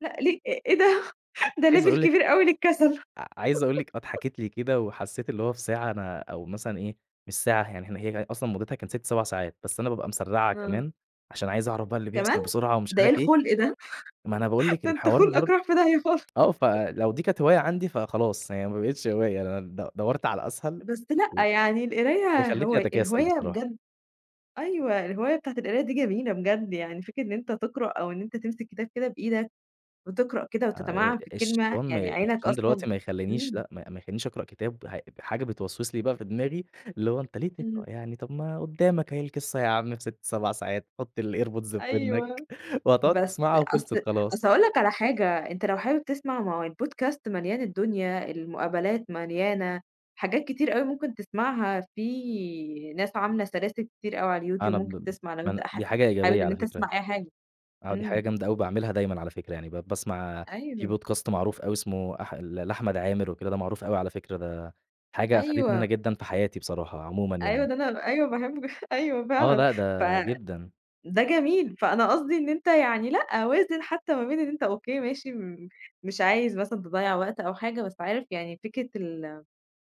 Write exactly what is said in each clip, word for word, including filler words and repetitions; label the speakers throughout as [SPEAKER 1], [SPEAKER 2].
[SPEAKER 1] لأ ل إ إيه ده،
[SPEAKER 2] [unintelligible]
[SPEAKER 1] ده
[SPEAKER 2] عايز
[SPEAKER 1] level
[SPEAKER 2] أقول لِك
[SPEAKER 1] كبير أوي للكسل.
[SPEAKER 2] ع عايز أقول لِك اه اتحكت لي كده وحسّيت اللي هو في ساعة أنا أو مثلًا إيه، مش ساعة [unintelligible] يعني إحنا هي أصلًا مدتها كانت ست سبع ساعات، بس أنا بابقى مسّرَعها
[SPEAKER 1] آه.
[SPEAKER 2] كمان عشان عايز أعرف بقى اللي بيحصل
[SPEAKER 1] كمان!
[SPEAKER 2] بسرعة ومش
[SPEAKER 1] ده إيه
[SPEAKER 2] عارف إيه.
[SPEAKER 1] الخُلق ده!
[SPEAKER 2] ما أنا باقول لِك
[SPEAKER 1] ده انت
[SPEAKER 2] الحوار
[SPEAKER 1] خُلقك
[SPEAKER 2] برض
[SPEAKER 1] راح في داهيّة خال
[SPEAKER 2] آه، فلو دي كانت هواية عندي فخلاص يعني ما بقيتش هواية، أنا د دوّرت على الأسهل
[SPEAKER 1] بس
[SPEAKER 2] و
[SPEAKER 1] لأ يعني
[SPEAKER 2] هي
[SPEAKER 1] القراية
[SPEAKER 2] خلتني
[SPEAKER 1] هوا
[SPEAKER 2] أتكاسل
[SPEAKER 1] الهواية
[SPEAKER 2] بصراحة.
[SPEAKER 1] بجد أيوه الهواية بتاعة القراية دي جميلة بجد، يعني فكرة إن أنت تقرأ أو أنت تمسك كتاب كده بإيدك وتقرأ كده
[SPEAKER 2] آآ،
[SPEAKER 1] وتتمعن في الكلمة،
[SPEAKER 2] الشيطان ما
[SPEAKER 1] يعني
[SPEAKER 2] ي
[SPEAKER 1] عينَك
[SPEAKER 2] الشيطان
[SPEAKER 1] أصلًا
[SPEAKER 2] دلوقتي ما يخلّنيش
[SPEAKER 1] إمم.
[SPEAKER 2] لأ ما ما يخلينيش أقرأ كتاب ه حاجة بتوسوّس لي بقى في دماغي، اللي هو أنت ليه
[SPEAKER 1] إمم.
[SPEAKER 2] تقرأ يعني طَب ما قدّامك أهي القصّة يا عم في ست سبع ساعات، حط الAirPods في ودنك
[SPEAKER 1] أيوه،
[SPEAKER 2] وهتقعد
[SPEAKER 1] بس
[SPEAKER 2] تسمعها وخلصت
[SPEAKER 1] أصل
[SPEAKER 2] خلاص.
[SPEAKER 1] أصل هاقول لك على حاجة، أنت لو حابب تسمع، ما هو الpodcast مليان الدنيا، المقابلات مليانة، حاجات كتير أوي ممكن تسمعها، في ناس عاملة سلاسل كتير أوي على الYouTube
[SPEAKER 2] أنا ب
[SPEAKER 1] ممكن
[SPEAKER 2] ب
[SPEAKER 1] تسمع لو أنت
[SPEAKER 2] أنا
[SPEAKER 1] حا
[SPEAKER 2] دي حاجة
[SPEAKER 1] حابب
[SPEAKER 2] إيجابية
[SPEAKER 1] إن
[SPEAKER 2] على
[SPEAKER 1] أنت
[SPEAKER 2] فكرة.
[SPEAKER 1] تسمع أي حاجة،
[SPEAKER 2] آه، دي حاجة
[SPEAKER 1] إمم.
[SPEAKER 2] جامدة أوي باعملها دايمًا على فكرة يعني ب باسمع في
[SPEAKER 1] أيوه.
[SPEAKER 2] Podcast معروف أوي اسمه أح ل لأحمد عامر وكده، ده معروف أوي على فكرة، ده حاجة أفادتني أنا
[SPEAKER 1] أيوه.
[SPEAKER 2] جدًا في حياتي بصراحة عمومًا
[SPEAKER 1] أيوه
[SPEAKER 2] يعني.
[SPEAKER 1] ده أنا أيوه باحبه أيوه
[SPEAKER 2] آه
[SPEAKER 1] فعلًا،
[SPEAKER 2] لأ ده
[SPEAKER 1] ف
[SPEAKER 2] جدًا.
[SPEAKER 1] ده جميل، فأنا قصدي إن أنت يعني لأ وازن حتّى ما بين إن أنت أوكي ماشي م مش عايز مثلًا تضيّع وقت أو حاجة، بس عارف يعني فكرة ال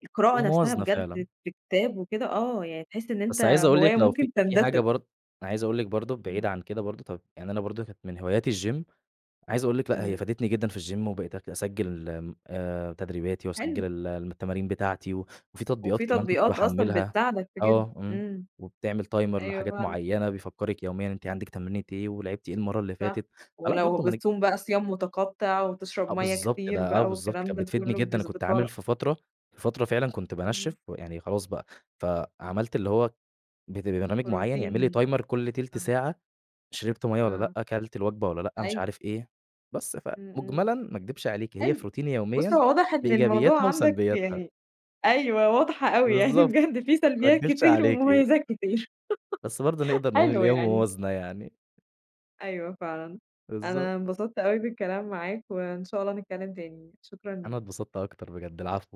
[SPEAKER 1] القراءة
[SPEAKER 2] هي
[SPEAKER 1] نَفْسها
[SPEAKER 2] موازنة
[SPEAKER 1] بجد
[SPEAKER 2] فعلًا.
[SPEAKER 1] في كتاب وكده، آه يعني تحس إن أنت
[SPEAKER 2] بس عايز أقول لِك
[SPEAKER 1] هواية
[SPEAKER 2] لو في
[SPEAKER 1] ممكن
[SPEAKER 2] في حاجة
[SPEAKER 1] تندثر.
[SPEAKER 2] برضه أنا عايز أقول لِك برضه بعيد
[SPEAKER 1] إمم.
[SPEAKER 2] عن كده برضه طَب يعني أنا برضه كنت من هواياتي الgym، عايز أقول لِك لأ هي
[SPEAKER 1] إمم.
[SPEAKER 2] فادتني جدًا في الgym وبقيت اك أسجل آمم، آآ، تدريباتي
[SPEAKER 1] حلو.
[SPEAKER 2] واسجل الم تمارين بتاعتي، وفي تطبيقات
[SPEAKER 1] وفي
[SPEAKER 2] كمان كنت
[SPEAKER 1] تطبيقات أصلًا
[SPEAKER 2] باحمّلها
[SPEAKER 1] بتساعدك في كده،
[SPEAKER 2] آه، إمم،
[SPEAKER 1] إمم،
[SPEAKER 2] وبتعمل timer
[SPEAKER 1] أيوه
[SPEAKER 2] لحاجات
[SPEAKER 1] فعلًا.
[SPEAKER 2] معيّنة بيفكرِك يوميًا أنتِ عندِك تمرينة إيه ولعبتِ إيه المَرّة اللي
[SPEAKER 1] صح،
[SPEAKER 2] فاتت، فلأ
[SPEAKER 1] ولو
[SPEAKER 2] برضه ما نك
[SPEAKER 1] بتصوم بقى صيام متقطع وتشرب
[SPEAKER 2] آه
[SPEAKER 1] مَيّة
[SPEAKER 2] بالضبط
[SPEAKER 1] كتير
[SPEAKER 2] ده آه،
[SPEAKER 1] بقى
[SPEAKER 2] بالضبط،
[SPEAKER 1] والكلام
[SPEAKER 2] كان
[SPEAKER 1] ده
[SPEAKER 2] بتفيدني
[SPEAKER 1] كلّه
[SPEAKER 2] جدًا، كنت
[SPEAKER 1] بيضبطها
[SPEAKER 2] عامل
[SPEAKER 1] لك.
[SPEAKER 2] في فترة في فترة فعلًا كنت بانشّف
[SPEAKER 1] إمم.
[SPEAKER 2] ويعني خلاص بقى، فعملت اللي هو بت برنامج معيّن يعمل لي
[SPEAKER 1] بروتين،
[SPEAKER 2] timer كُلّ تِلت
[SPEAKER 1] آه.
[SPEAKER 2] ساعة، شربت مَيّة والّا
[SPEAKER 1] آه.
[SPEAKER 2] لأ، كلت الوجبة والّا لأ؟ مش
[SPEAKER 1] أيوه.
[SPEAKER 2] عارف إيه، بس
[SPEAKER 1] إمم، إمم.
[SPEAKER 2] فمجملًا ما اكدبش عليكِ، هي في
[SPEAKER 1] حلو،
[SPEAKER 2] روتيني
[SPEAKER 1] بُصّ
[SPEAKER 2] يوميًا
[SPEAKER 1] هو واضح إن
[SPEAKER 2] بإيجابياتها
[SPEAKER 1] الموضوع عندك
[SPEAKER 2] وسلبياتها.
[SPEAKER 1] يعني أيوَه واضحة أوي يعني
[SPEAKER 2] بالضبط،
[SPEAKER 1] بجد في
[SPEAKER 2] ما
[SPEAKER 1] سلبيات
[SPEAKER 2] اكدبش
[SPEAKER 1] كتير
[SPEAKER 2] عليكِ.
[SPEAKER 1] ومميزات كتير،
[SPEAKER 2] بس برضه نقدر نقول
[SPEAKER 1] حلو
[SPEAKER 2] اللي هي
[SPEAKER 1] يعني.
[SPEAKER 2] موازنة يعني.
[SPEAKER 1] أيوه فعلًا،
[SPEAKER 2] بالضبط.
[SPEAKER 1] أنا انبسطت أوي بالكلام معاك وإن شاء الله نتكلم تاني، شكرًا
[SPEAKER 2] أنا
[SPEAKER 1] ليك.
[SPEAKER 2] اتبسطت أكتر بجد، العفو.